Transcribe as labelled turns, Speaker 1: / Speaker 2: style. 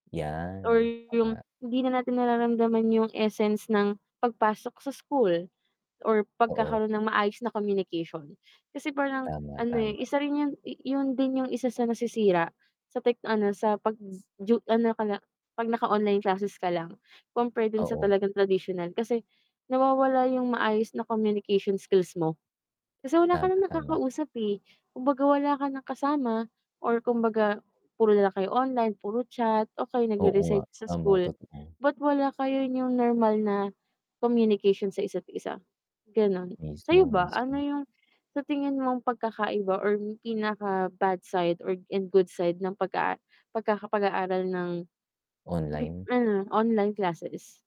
Speaker 1: Or
Speaker 2: 'Yan, oh nga.
Speaker 1: yung hindi na natin nararamdaman yung essence ng pagpasok sa school or
Speaker 2: Oo.
Speaker 1: pagkakaroon ng maayos na communication. Kasi parang
Speaker 2: Tama,
Speaker 1: ano, eh,
Speaker 2: tama.
Speaker 1: isa rin yun i iyun din yung isa sa nasisira sa tech ano sa z pag ju ano ka na, 'pag naka online classes ka lang compare dun sa
Speaker 2: Oo.
Speaker 1: talagang tradisyonal kasi nawawala yung maayos na communication skills mo kasi wala ka
Speaker 2: Tama,
Speaker 1: ng
Speaker 2: tama.
Speaker 1: nakakausap, eh. Kumbaga wala ka ng kasama or kumbaga puro na lang kayo online, puro chat, okey
Speaker 2: Oo nga.
Speaker 1: nagre-research sa
Speaker 2: Tama,
Speaker 1: school
Speaker 2: totoo.
Speaker 1: but wala kayo yung normal na communication sa isa't isa, ganun. Sa'yo
Speaker 2: Mismo,
Speaker 1: ba ano
Speaker 2: mismo.
Speaker 1: yung sa tingin mong pagkakaiba or pinaka bad side or and good side ng pagka pagkaka pag-aaral ng bip
Speaker 2: Online.
Speaker 1: ano, online classes.